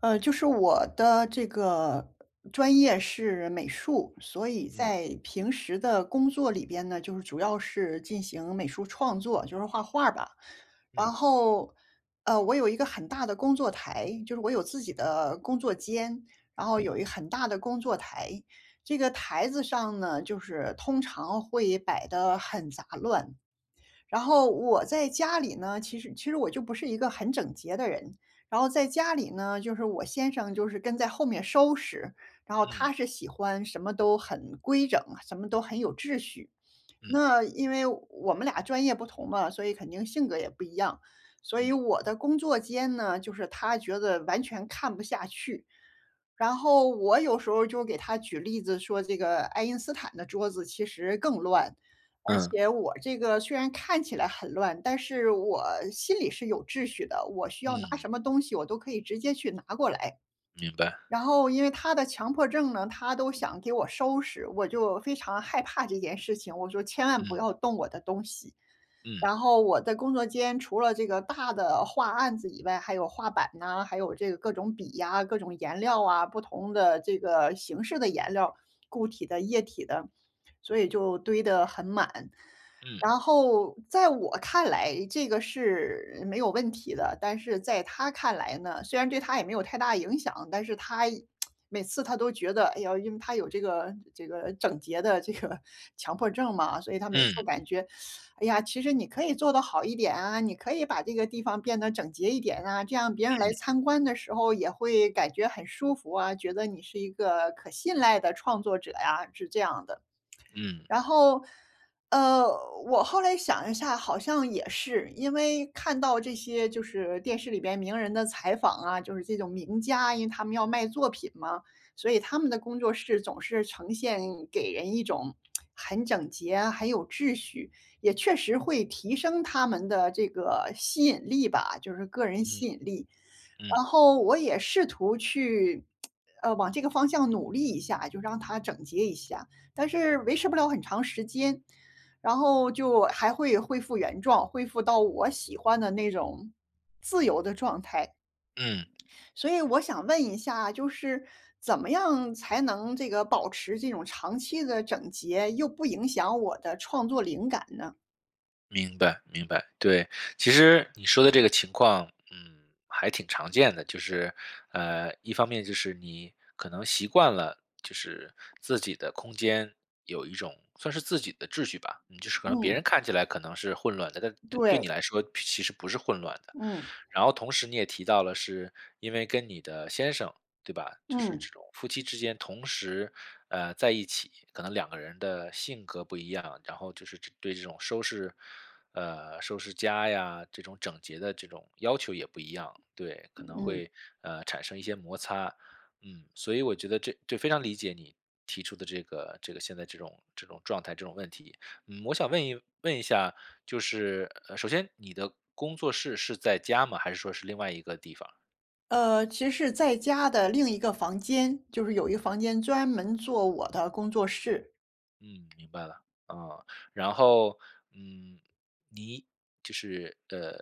呃，就是我的这个专业是美术，所以嗯。在平时的工作里边呢，就是主要是进行美术创作，就是画画儿吧。然嗯。后，呃，我有一个很大的工作台，就是我有自己的工作间，然后嗯。有一很大的工作台，这个台子上呢，就是通常会摆得很杂乱。然后我在家里呢，其实其实我就不是一个很整洁的人。然后在家里呢，就是我先生就是跟在后面收拾，然后嗯。他是喜欢什么都很规整，什么都很有秩序。嗯。那因为我们俩专业不同嘛，所以肯定性格也不一样。所以嗯。我的工作间呢，就是他觉得完全看不下去。然后我有时候就给他举例子说这个爱因斯坦的桌子其实更乱。而嗯。且我这个虽然看起来很乱，但是我心里是有秩序的，我需要拿嗯。什么东西我都可以直接去拿过来。明白。然后因为他的强迫症呢，他都想给我收拾，我就非常害怕这件事情，我说：“千万不嗯。要动我的东西。”嗯。然后我的工作间除了这个大的画案子以外，还有画板呐，还有这个各种笔呀、各种颜料啊，不同的这个形式的颜料，固体的、液体的，所以就堆得很满。嗯。然后在我看来这个是没有问题的，但是在他看来呢，虽然对他也没有太大影响，但是他，每次他都觉得，哎呦因为他有这个这个，整洁的这个强迫症嘛，所以他每次嗯。感觉：“哎呀，其实你可以做得好一点啊，你可以把这个地方变得整洁一点啊，这样别人来嗯。参观的时候也会感觉很舒服啊，觉得你是一个可信赖的创作者呀”，是这样的。嗯。然后，呃，我后来想一下，好像也是。因为看到这些就是电视里边名人的采访啊，就是这种名家，因为他们要卖作品嘛，所以他们的工作室总是呈现给人一种，很整洁啊，很有秩序，也确实会提升他们的这个吸引力吧，就是个人嗯。吸引力。嗯。然后我也试图去，呃，往这个方向努力一下，就让它整洁一下。但是维持不了很长时间，然后就，还会恢复原状，恢复到我喜欢的那种自由的状态。嗯。所以我想问一下，就是怎么样才能这个保持这种长期的整洁，又不影响我的创作灵感呢？明白明白，对。其实，你说的这个情况，嗯，还挺常见的。就是，呃，一方面就是你可能习惯了，就是自己的空间，有一种算是自己的秩序吧。就是可能别嗯。人看起来可能是混乱的，但对对对。你来说其实不是混乱的。嗯。然后，同时你也提到了是，因为跟你的先生，对吧？就是嗯。这种夫妻之间同时，呃，在一起，可能两个人的性格不一样，然后就是对这种收拾呃，收拾家呀，这种整洁的这种要求也不一样。对，可能嗯。会，呃，产生一些摩擦。嗯，所以我觉得这这非常理解你，提出的这个这个，现在这种这种状态，这种问题。嗯，我想问一问一下，就是首先，你的工作室是在家吗？还是说是另外一个地方？呃，其实在家的另一个房间，就是有一个房间专门做我的工作室。嗯，明白了。呃，然后，嗯，你就是，呃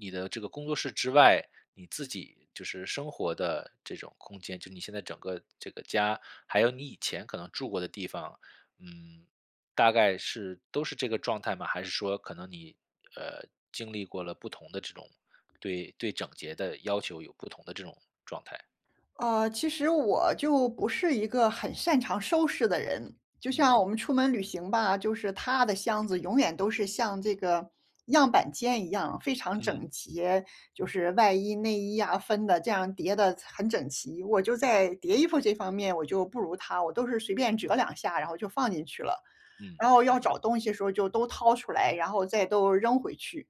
你的这个工作室之外，你自己，就是生活的这种空间，就你现在整个这个家，还有你以前可能住过的地方，嗯，大概是都是这个状态吗？还是说可能你，呃，经历过了不同的这种，对对整洁的要求有不同的这种状态。呃，其实我，就不是一个很擅长收拾的人。就嗯。像我们出门旅行吧，就是他的箱子永远都是像这个，样板间一样非常整嗯。洁，就是外衣、内衣呀分的这样，叠得很整齐。我就在叠衣服这方面我就不如他，我都是随便折两下，然后就放进去了。嗯，然后明要白。找东西的时候就都掏出来，然后再都扔回去。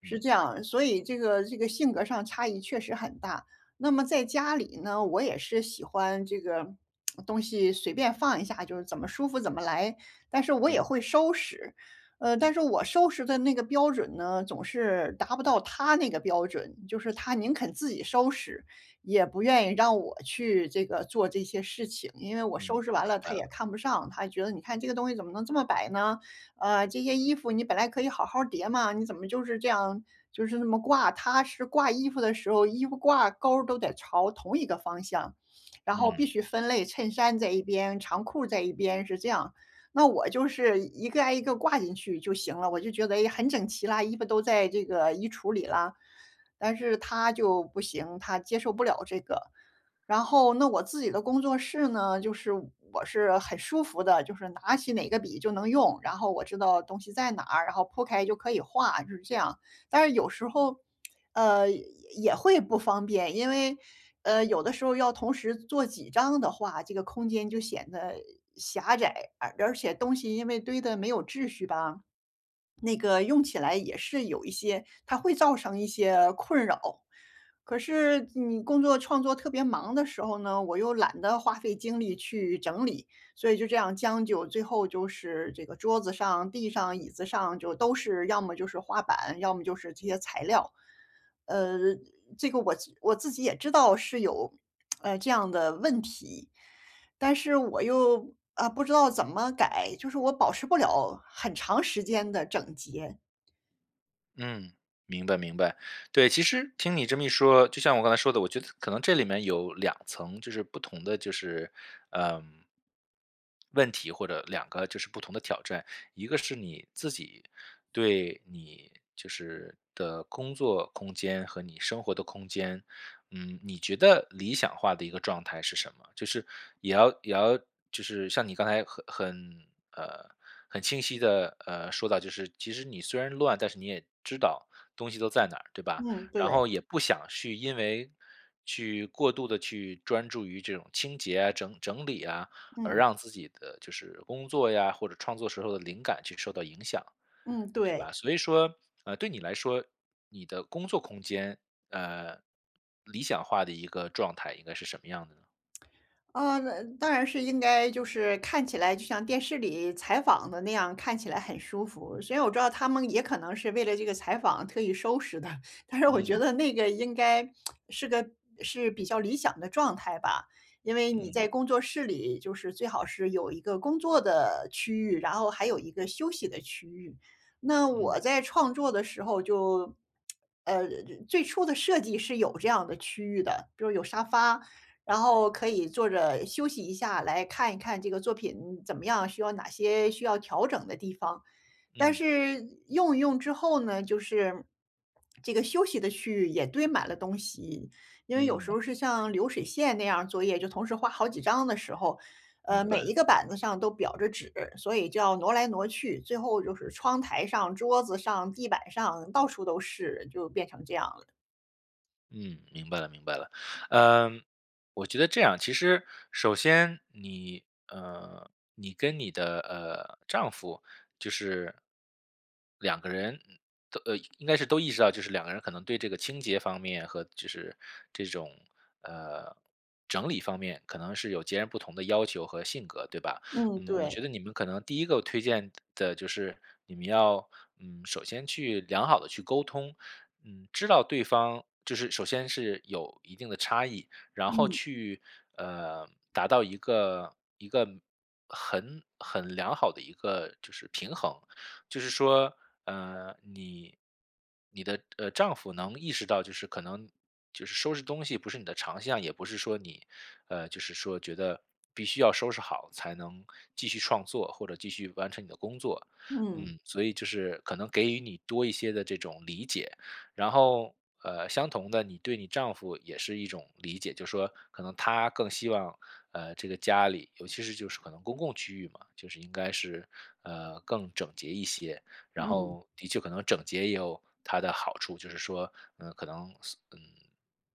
是嗯。这样，所以这个这个性格上差异确实很大。那么在家里呢，我也是喜欢这个，东西，随便放一下就是怎么舒服怎么来，但是我也嗯。会收拾。呃，但是我收拾的那个标准呢，总是达不到他那个标准，就是他宁肯自己收拾，也不愿意让我去这个做这些事情。因为我嗯，收拾完明了白他也了。看不上，他觉得：“你看这个东西怎么能这么摆呢？呃，这些衣服你本来可以好好儿叠吗？你怎么就是这样就是那么挂。”他是挂衣服的时候，衣服挂钩儿都得朝同一个方向。然后必嗯。须分类，衬衫在一边、长裤在一边是这样。那我就是一个挨一个挂进去就行了，我就觉得，哎，很整齐啦，衣服都在这个衣橱里啦，但是他就不行，他接受不了这个。然后，那我自己的工作室呢，就是我是很舒服的，就是拿起哪个笔就能用，然后我知道东西在哪儿，然后铺开就可以画，就是这样。但是有时候，呃，也也会不方便，因为，呃，有的时候要同时做几张的画，这个空间就显得狭窄。而而且东西因为堆得没有秩序吧，那个用起来也是有一些它会造成一些困扰。可是你工作创作特别忙的时候呢，我又懒得花费精力去整理。所以就这样将就，最后就是这个桌子上、地上、椅子上就都是要么就是画板，要么就是这些材料。呃，这个我我自己也知道是有，唉，这样的问题，但是我又，啊，不知道怎么改，就是我保持不了很长时间的整洁。嗯，明白明白。对，其实，听你这么一说，就像我刚才说的，我觉得可能这里面有两层就是不同的就是，呃问题，或者两个就是不同的挑战。一个是你自己对你就是的工作空间和你生活的空间，嗯，你觉得理想化的一个状态是什么？就是，也要也要就是像你刚才很很呃，很清晰地，呃，说到就是，其实你虽然乱，但是你也知道东西都在哪儿，对吧？嗯，然对。后也不想去因为去过度地去专注于这种清洁啊，整整理啊，而嗯。让自己的，就是工作呀，或者创作时候的灵感去受到影响，嗯，对对。吧？所以说，呃，对你来说，你的工作空间，呃，理想化的一个状态应该是什么样的呢？呃，当然是应该就是，看起来就像电视里采访的那样，看起来很舒服，所以我知道他们也可能是为了这个采访特意收拾的。但是我觉嗯。得那个应该是个是比较理想的状态吧。因为你嗯。在工作室里，就是最好是有一个工作的区域，然后还有一个休息的区域。那嗯。我在创作的时候就呃，最初的设计是有这样的区域的，比如有沙发，然后可以坐着休息一下，来看一看这个作品怎么样，需要哪些需要调整的地方。但嗯。是用一用之后呢，就是这个休息的区域也堆满了东西。因为有嗯。时候是像流水线那样儿作业，就同时画好几张的时候，呃，明每白。一个板子上都裱着纸，所以就要挪来挪去。最后就是窗台上、桌子上、地板上到处都是，就变成这样了。嗯，明白了明白了。呃，我觉得这样其实，首先你，呃，你跟你的，呃，丈夫，就是两个人都呃，应该是都意识到，就是两个人可能对这个清洁方面和就是，这种，呃，整理方面可能是有截然不同的要求和性格，对吧？嗯，嗯，我对。觉得你们可能第一个推荐的就是，你们要，嗯，首先去良好地去沟通，嗯，知道对方就是首先是有一定的差异，然后嗯。去，呃，达到一个一个很很良好的一个，就是平衡。就是说，呃，你你的，呃，丈夫能意识到就是可能，就是收拾东西不是你的长项。也不是说你呃，就是说觉得，必须要收拾好才能，继续创作或者继续完成你的工作，嗯。嗯，所以就是可能给予你多一些的这种理解。然后，呃，相同的你对你丈夫也是一种理解，就是说可能他更希望，呃，这个家里，尤其是就是可能公共区域嘛，就是应该是，呃，更整洁一些。然嗯。后的确可能整洁也有它的好处，就是说，呃，可能，呃，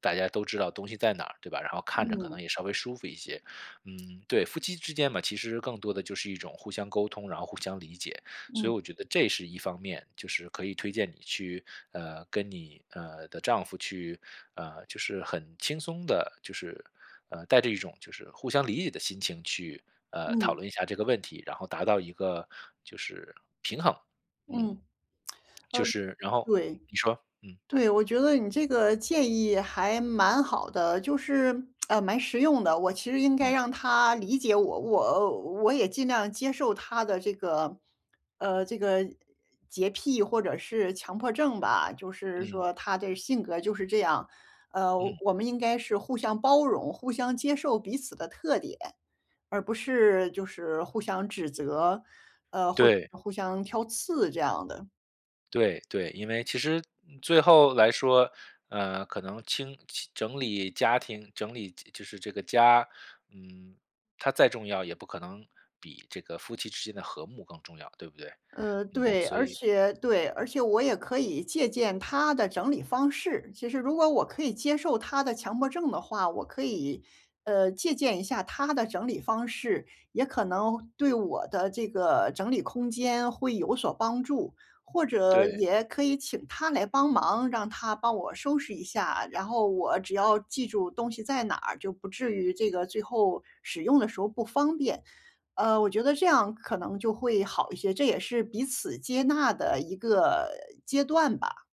大家都知道东西在哪，对吧？然后看着可能嗯。也稍微舒服一些，嗯，对，夫妻之间嘛，其实更多的就是一种互相沟通，然后互相理解。所以嗯。我觉得这是一方面，就是可以推荐你去，呃，跟你，呃，的丈夫去，呃，就是很轻松地，就是，呃，带着一种就是互相理解的心情去，呃，讨嗯。论一下这个问题，然后达到一个就是，平衡，嗯。嗯。呃，就是，然后对你说，嗯。对，我觉得你这个建议还蛮好的，就是，呃，蛮实用的。我其实应该嗯。让他理解我，我我也尽量接受他的这个呃，这个，洁癖或者是强迫症吧，就是嗯。说他的性格就是这样。呃，嗯。我们应该是互相包容，互相接受彼此的特点，而不是，就是互相指责，呃，或者对。互相挑刺这样的。对对，因为其实，嗯，最后来说，呃，可能清整理家庭整理就就是这个家，嗯，它再重要也不可能，比这个夫妻之间的和睦更重要，对不对？呃，嗯，对，所而以且对，而且我也可以借鉴他的整理方式，其实如果我可以接受他的强迫症的话，我可以，呃，借鉴一下他的整理方式，也可能对我的这个整理空间会有所帮助。或者对。也可以请他来帮忙，让他帮我收拾一下，然后我只要记住东西在哪儿，就不至于这个最后使用的时候不方便。呃，我觉得这样可能就会好一些，这也是彼此接纳的一个阶段吧。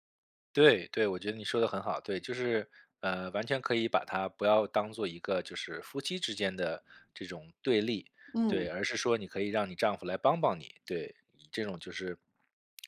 对对，我觉得你说得很好，对，就是，呃，完全可以把它不要当作一个就是夫妻之间的这种对立，对，嗯。而是说你可以让你丈夫来帮帮你。对，以这种就是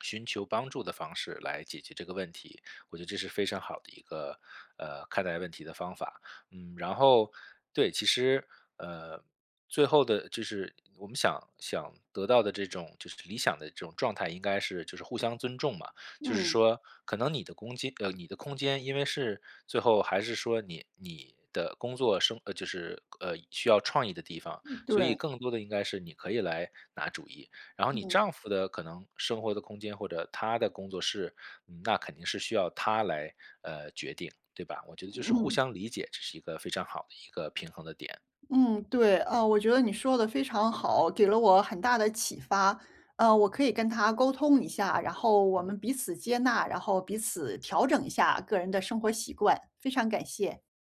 寻求帮助的方式来解决这个问题，我觉得这是非常好的一个，呃，看待问题的方法。嗯，然后对，其实，呃，最后的就是我们想想得到的这种就是理想的这种状态，应该是就是互相尊重嘛。就是嗯。说，可能你的公击呃，你的空间，因为是最后还是说你你的工作生呃，就是呃，需要创意的地方，嗯，所以对。更多地应该是你可以来拿主意。然后你嗯。丈夫的可能生活的空间，或者他的工作室，那肯定是需要他来，呃，决定对吧？我觉得就是互嗯。相理解，这是一个非常好的一个平衡的点。嗯，对，呃，我觉得你说得非常好，给了我很大的启发。呃，我可以跟他沟通一下，然后我嗯。们彼此接纳，然后彼此调整一下个人的生活习惯，非常感谢。